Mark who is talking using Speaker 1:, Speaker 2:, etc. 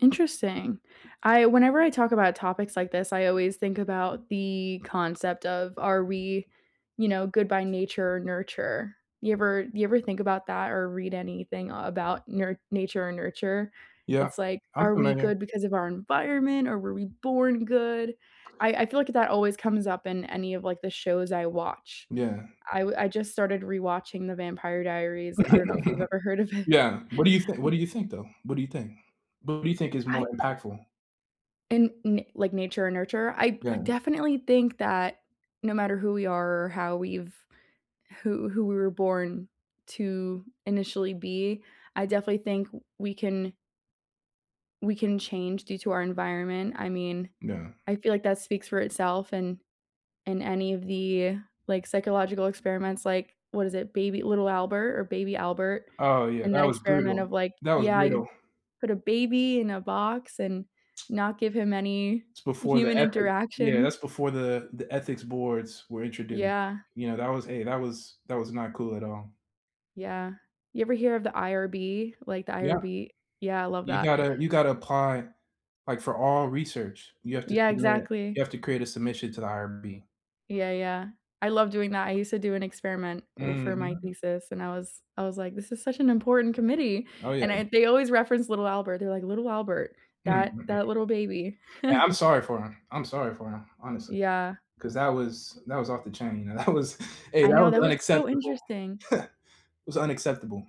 Speaker 1: Interesting. I whenever I talk about topics like this, I always think about the concept of, are we, you know, good by nature or nurture. You ever you ever think about that or read anything, uh, about nur nature or nurture?
Speaker 2: Yeah,
Speaker 1: It's like,
Speaker 2: I'm
Speaker 1: are we
Speaker 2: familiar.
Speaker 1: good because of our environment or were we born good? I I feel like that always comes up in any of, like, the shows I watch.
Speaker 2: Yeah.
Speaker 1: I w I just started rewatching the Vampire Diaries. I don't know if you've ever heard of it.
Speaker 2: Yeah, what do you thin what do you think, though? What do you think? What do you think is
Speaker 1: I
Speaker 2: more impactful?
Speaker 1: And n like nature and nurture, I I
Speaker 2: Yeah.
Speaker 1: definitely think that no matter who we are or how we've who who we were born to initially be, I definitely think w we can we can change due to our environment. I mean,
Speaker 2: Yeah.
Speaker 1: I feel like that speaks for itself, and in any of the, like, psychological experiments, like, what is it, baby Little Albert or baby Albert,
Speaker 2: Oh, yeah,
Speaker 1: and that
Speaker 2: that was
Speaker 1: experiment
Speaker 2: brutal.
Speaker 1: of like
Speaker 2: That was
Speaker 1: yeah, you
Speaker 2: brutal.
Speaker 1: put a baby in a box and not give him any
Speaker 2: It's before the
Speaker 1: human
Speaker 2: ethics Yeah, that's
Speaker 1: interaction.
Speaker 2: before the the ethics boards were introduced,
Speaker 1: Yeah.
Speaker 2: you know, that was a that was that was not cool at all.
Speaker 1: Yeah, you ever hear of the IRB, like the
Speaker 2: Yeah.
Speaker 1: IRB? Yeah, I love
Speaker 2: You
Speaker 1: that.
Speaker 2: gotta you gotta apply, like for all research, you have to
Speaker 1: Yeah,
Speaker 2: submit,
Speaker 1: exactly.
Speaker 2: you have to create a submission to the IRB.
Speaker 1: Yeah, yeah, I love doing that. I used to do an experiment w for my
Speaker 2: Mhm.
Speaker 1: thesis, and I was I was like, this is such an important committee,
Speaker 2: Oh
Speaker 1: and
Speaker 2: yeah.
Speaker 1: I they always referenced Little Albert, they're like, "Little Albert,
Speaker 2: Hmm,
Speaker 1: that
Speaker 2: mhm.
Speaker 1: that little baby".
Speaker 2: Yeah, I'm sorry for him, I'm sorry for him, honestly,
Speaker 1: Yeah.
Speaker 2: 'cause that was that was off the chain, and that was hey,
Speaker 1: I
Speaker 2: that
Speaker 1: know
Speaker 2: was
Speaker 1: that was so
Speaker 2: unacceptable.
Speaker 1: interesting.
Speaker 2: It was unacceptable.